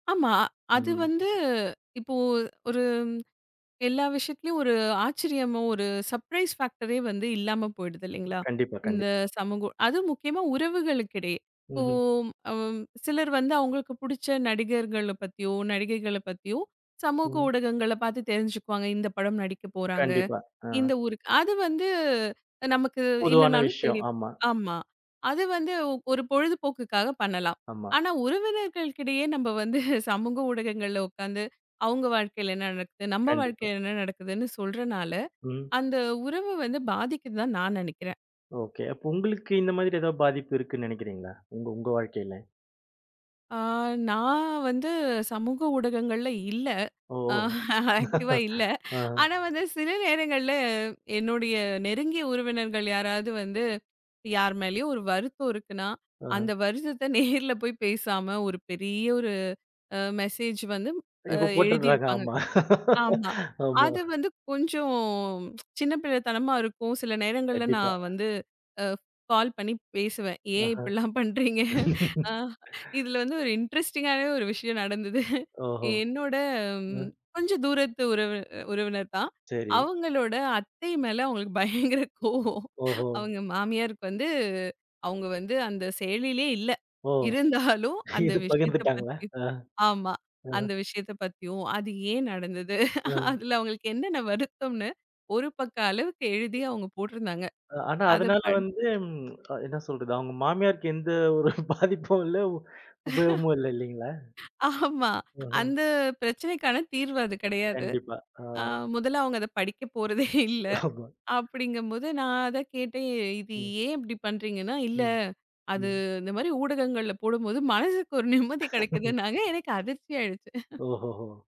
ஆமா. அது ம். வந்து இப்போ ஒரு எல்லா விஷயத்துலயும் ஒரு ஆச்சரியமோ ஒரு சப்ரைஸ் ஃபேக்ட்டரே வந்து இல்லாம போயிடுது ம். இல்லீங்களா? கண்டிப்பா, கண்டிப் இந்த சமூக அதுவும் முக்கியமா உறவுகளுக்ககிடையே. இப்போ ம்ஹ்ம். அம் சிலர் வந்து அவங்களுக்கு புடிச்ச நடிகர்களப் பத்தியோ, நடிகைகள பத்தியோ சமூக ம். ஊடகங்களப் பாத்துத் தெரிஞ்சுக்குவாங்க. இந்தப் படம் நடிக்கப் போறாங்க. கண்டிப்பா. அ. இந்த ஊருக்கு அது வந்து நமக்கு பொதுவான இல்லன்னாலும் விஷயம். தெரியும். ஆமா. ஆமா. அது வந்து ஒரு பொழுதுபோக்குக்காகப் பண்ணலாம். ஆமா. ஆனா உறவினர்களுக்கிடையே நம்ப வந்து சமூக ஊடகங்கள்ல உக்காந்து, அவுங்க வாழ்க்கைல என்ன நடக்குது? நம்ப கண்டிப்பா. வாழ்க்கைல என்ன நடக்குதுன்னு சொல்றனால, ம். அந்த உறவு வந்து பாதிக்குதுதான் நான் நெனைக்கிறேன். ஓகே. அப்ப உங்ளுக்கு இந்த மாதிரி ஏதாவது பாதிப்பு இருக்குன்னு நெனைக்கிறீங்களா? உங்க உங்க வாழ்க்கையில? அ நா வந்து சமூக ஊடகங்கள்ல இல்ல. ஓ. ஆக்டிவ்வா இல்ல. அ. ஆனா, வந்து சில நேரங்கள்ல என்னுடைய நெருங்கிய உறவினர்கள் யாராவது வந்து யார் மேலயும் ஒரு வருத்தம் இருக்குன்னா, அந்த ஆ. வருத்தத்த நேர்ல போய் பேசாம, ஒரு பெரிய ஒரு அ மெசேஜ் வந்து அ இப்ப எழுதி போட்டுருக்கிறாங்க இருப்பாங்க. ஆமா. ஆமா. ஆமா. அது வந்து கொஞ்சம் சின்னப்பிள்ளத்தனமா இருக்கும். சில நேரங்கள்ல நா கண்டிப்பா. வந்து அ கால் பண்ணி பேசுவேன். ஏன் ஆஹா. இப்டில்லாம் பண்றீங்க? அ இதுல வந்து ஒரு இன்ட்ரெஸ்ட்டிங்காவே ஒரு விஷயம் நடந்தது. ஓஹோ. என்னோட ம். கொஞ்சம் தூரத்து உறவு உறவினர் தான். சரி. அவங்களோட அத்தை மேல அவங்களுக்கு பயங்கர கோபம். ஓஹோ. அவுங்க மாமியாருக்கு வந்து அவுங்க வந்து அந்த செயலிலே இல்ல. ஓ. இருந்தாலும் அந்த இது விஷயத்தப் பகிர்ந்த்துட்டாங்களா? பத்தி அ. ஆமா. ஓஹோ! அந்த விஷயத்தப் பத்தியும், அது ஏன் நடந்தது? அ. அதுல அவங்களுக்கு என்னென்ன வருத்தம்ன்னு ஒரு பக்க அளவுக்கு எழுதி அவுங்க போட்டுருந்தாங்க. அ ஆனா, அதப் அதனால படி வந்து ம் அ என்ன சொல்றது? அவங்க மாமியாருக்கு எந்த ஒரு பாதிப்பும் இல்ல. உ உபயோகமும் இல்ல, இல்லீங்களா? ஆமா. [unintelligible] அந்தப் பிரச்சனைக்கான தீர்வு அது கிடையாது. கண்டிப்பா. அ. அ முதல்ல அவங்க அதப் படிக்கப்போறதே இல்ல. ஆமா. அப்படிங்கும்போது, நா அதக் கேட்டேன். ஏ இது ம். ஏன் இப்படி பண்றீங்கன்னா, இல்ல ம். அது ம். இந்த மாரி ஊடகங்கள்ல போடும்போது மனசுக்கு ஒரு நிம்மதி கிடைக்குதுன்னாங்க. எனக்கு அதிர்ச்சியாயிருச்சு. ஓஹோஹோ!